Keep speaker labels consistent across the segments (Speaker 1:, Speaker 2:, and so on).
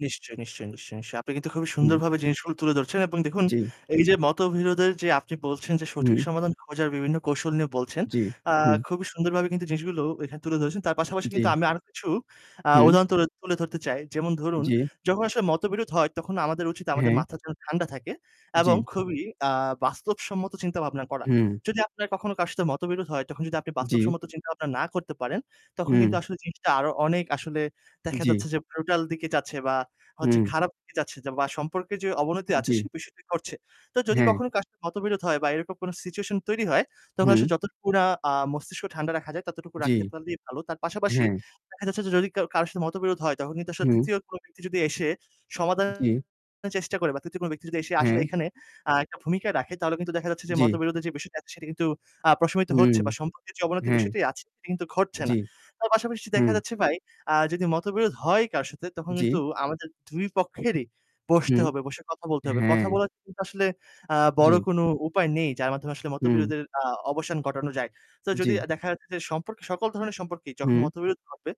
Speaker 1: নিশ্চয়ই, নিশ্চয়ই, নিশ্চয়ই, নিশ্চয়ই। আপনি কিন্তু খুবই
Speaker 2: হুম।
Speaker 1: সুন্দরভাবে জিনিসগুলো তুলে ধরছেন এবং দেখুন
Speaker 2: জি।
Speaker 1: এই যে মতবিরোধের যে আপনি বলছেন যে, সঠিক
Speaker 2: হুম।
Speaker 1: সমাধান খোঁজার বিভিন্ন কৌশল নিয়ে বলছেন।
Speaker 2: জি,
Speaker 1: আ
Speaker 2: হুম।
Speaker 1: খুবই সুন্দরভাবে কিন্তু জিনিসগুলো এখানে তুলে ধরেছেন। তার পাশাপাশি কিন্তু
Speaker 2: জি।
Speaker 1: আমি আরও কিছু আ
Speaker 2: হুম।
Speaker 1: উদাহরণ তুল তুলে ধরতে চাই। যেমন ধরুন,
Speaker 2: জি।
Speaker 1: যখন আসলে মতবিরোধ হয় তখন আমাদের উচিত আমাদের
Speaker 2: হ্যাঁ।
Speaker 1: মাথা যেন ঠান্ডা থাকে এবং
Speaker 2: জি।
Speaker 1: খুবই আ বাস্তবসম্মত চিন্তাভাবনা করা।
Speaker 2: হু।
Speaker 1: যদি আপনার কখনো কারো সাথে মতবিরোধ হয় তখন যদি আপনি
Speaker 2: জি।
Speaker 1: বাস্তবসম্মত চিন্তাভাবনা না করতে পারেন। তখন কিন্তু
Speaker 2: হু।
Speaker 1: আসলে জিনিসটা আরও অনেক আসলে দেখা
Speaker 2: জি।
Speaker 1: যাচ্ছে যে ব্রুটাল দিকে যাচ্ছে বা হচ্ছে
Speaker 2: হু।
Speaker 1: খারাপ দিকে যাচ্ছে বা সম্পর্কের যে অবনতি আছে
Speaker 2: জি।
Speaker 1: সে বিষয়টি ঘটছে। তো যদি
Speaker 2: হ্যাঁ।
Speaker 1: কখনো কারো মতবিরোধ হয় বা এরকম কোন সিচুয়েশন তৈরি হয়। তখন আসলে
Speaker 2: হু।
Speaker 1: যতটুকু না আ মস্তিষ্ক ঠান্ডা রাখা যায় ততটুকু
Speaker 2: জি,
Speaker 1: রাখতে পারলে ভালো। তার পাশাপাশি
Speaker 2: হ্যাঁ।
Speaker 1: দেখা যাচ্ছে যে, যদি কা কারো সাথে মতবিরোধ হয় তখন কিন্তু আসলে
Speaker 2: হু।
Speaker 1: ৩য় কোন ব্যক্তি যদি এসে সমাধানের
Speaker 2: জি।
Speaker 1: চেষ্টা করে বা ৩য় কোন ব্যক্তি যদি এসে আসলে
Speaker 2: হ্যাঁ।
Speaker 1: এখানে আ একটা ভূমিকা রাখে তাহলে কিন্তু দেখা যাচ্ছে যে
Speaker 2: জি।
Speaker 1: মতবিরোধের যে বিষয়টা আছে সেটি কিন্তু আ প্রশমিত
Speaker 2: হুম।
Speaker 1: হচ্ছে বা সম্পর্কের যে অবনতি
Speaker 2: হ্যাঁ।
Speaker 1: বিষয়টি আছে সেটি কিন্তু ঘটছে না।
Speaker 2: জি।
Speaker 1: তার পাশাপাশি
Speaker 2: হু।
Speaker 1: দেখা যাচ্ছে ভাই, আ যদি মতবিরোধ হয় কারো সাথে তখন কিন্তু
Speaker 2: জি।
Speaker 1: আমাদের ২ পক্ষেরই
Speaker 2: হু।
Speaker 1: বসতে হবে, বসে কথা বলতে হবে। কথা
Speaker 2: হ্যাঁ।
Speaker 1: বলা [unintelligible] আসলে আ বড়
Speaker 2: জি।
Speaker 1: কোন উপায় নেই। যার মাধ্যমে আসলে
Speaker 2: হু।
Speaker 1: মতবিরোধের আ অবসান ঘটানো যায়। তো যদি
Speaker 2: জি।
Speaker 1: আ দেখা যাচ্ছে যে সম্পর্ক সকল ধরনের সম্পর্কই যখন
Speaker 2: হু।
Speaker 1: মতবিরোধ হবে।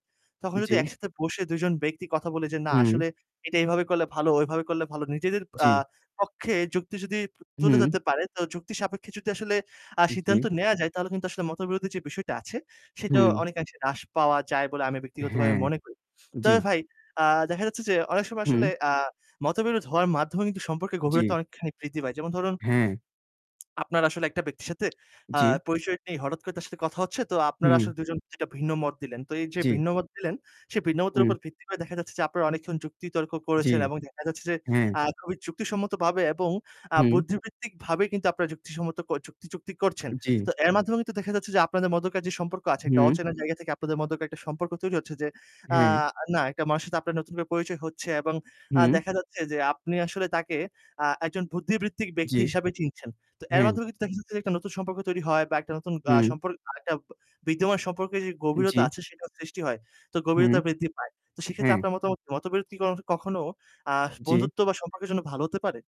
Speaker 1: তখন যদি
Speaker 2: জি।
Speaker 1: একসাথে বসে ২ জন ব্যক্তি কথা বলে যে না
Speaker 2: হু।
Speaker 1: আসলে এটা এভাবে করলে ভালো, ওইভাবে করলে ভালো। নিজেদের আ
Speaker 2: জি।
Speaker 1: পক্ষে যুক্তি যদি তুলে
Speaker 2: হু।
Speaker 1: ধরতে পারে, তো যুক্তিসাপেক্ষে যদি আসলে আ
Speaker 2: জি।
Speaker 1: সিদ্ধান্ত নেয়া যায় তাহলে কিন্তু আসলে মতবিরোধের যে বিষয়টা আছে, সেটাও
Speaker 2: হু।
Speaker 1: অনেকআংশে হ্রাস পাওয়া যায় বলে আমি ব্যক্তিগতভাবে
Speaker 2: হ্যাঁ,
Speaker 1: মনে করি। তবে
Speaker 2: জি।
Speaker 1: ভাই, আ দেখা যাচ্ছে যে অনেক সময় আসলে
Speaker 2: হু।
Speaker 1: আ মতবিরোধ হওয়ার মাধ্যমে কিন্তু সম্পর্কের গভীরতা
Speaker 2: জি।
Speaker 1: অনেকখানি বৃদ্ধি পায়। যেমন ধরুন
Speaker 2: হ্যাঁ।
Speaker 1: আপনার আসলে একটা ব্যক্তির সাথে আ
Speaker 2: জি,
Speaker 1: পরিচয় নেই। হঠাৎ করে তার সাথে কথা হচ্ছে। তো আপনারা আসলে
Speaker 2: হু।
Speaker 1: ২ জন ২ টা ভিন্ন মত দিলেন। তো এই যে
Speaker 2: জি।
Speaker 1: ভিন্ন মত দিলেন, সে ভিন্ন মতের
Speaker 2: হু।
Speaker 1: উপর ভিত্তি করে দেখা যাচ্ছে যে, আপনারা অনেকক্ষণ যুক্তিতর্ক
Speaker 2: জি,
Speaker 1: করেছেন এবং দেখা যাচ্ছে যে
Speaker 2: হ্যাঁ।
Speaker 1: আ খুবই যুক্তিসম্মতভাবে এবং আ
Speaker 2: হু।
Speaker 1: বুদ্ধিবৃত্তিকভাবে কিন্তু আপনারা যুক্তিসম্মত ক যুক্তি যুক্তিক করছেন।
Speaker 2: জি।
Speaker 1: তো এর মাধ্যমে কিন্তু দেখা যাচ্ছে যে আপনাদের মধ্যকার যে সম্পর্ক আছে একটা
Speaker 2: হুম।
Speaker 1: অচেনা জায়গা থেকে আপনাদের মধ্যকার একটা সম্পর্ক তৈরি হচ্ছে যে, আ
Speaker 2: হ্যাঁ।
Speaker 1: না একটা মানুষের সাথে আপনার নতুন করে পরিচয় হচ্ছে। এবং আ
Speaker 2: হুম।
Speaker 1: দেখা যাচ্ছে যে আপনি আসলে তাকে আ একজন বুদ্ধিবৃত্তিক
Speaker 2: জি,
Speaker 1: ব্যক্তি হিসেবে চিনছেন। তো এর
Speaker 2: হ্যাঁ।
Speaker 1: মাধ্যমে কিন্তু দেখা যাচ্ছে যে, একটা নতুন সম্পর্ক তৈরি হয় বা একটা নতুন আ
Speaker 2: হু।
Speaker 1: সম্পর্ক আ [unintelligible] বিদ্যমান সম্পর্কের যে
Speaker 2: জি।
Speaker 1: গভীরতা আছে সেটাও সৃষ্টি হয়। তো
Speaker 2: হু, হু।
Speaker 1: গভীরতা বৃদ্ধি পায়। তো সেক্ষেত্রে
Speaker 2: হ্যাঁ।
Speaker 1: আপনার মতামত কি? মতবিরোধ কি ক কখনো আ
Speaker 2: জি।
Speaker 1: বন্ধুত্ব বা সম্পর্কের জন্য ভালো হতে পারে?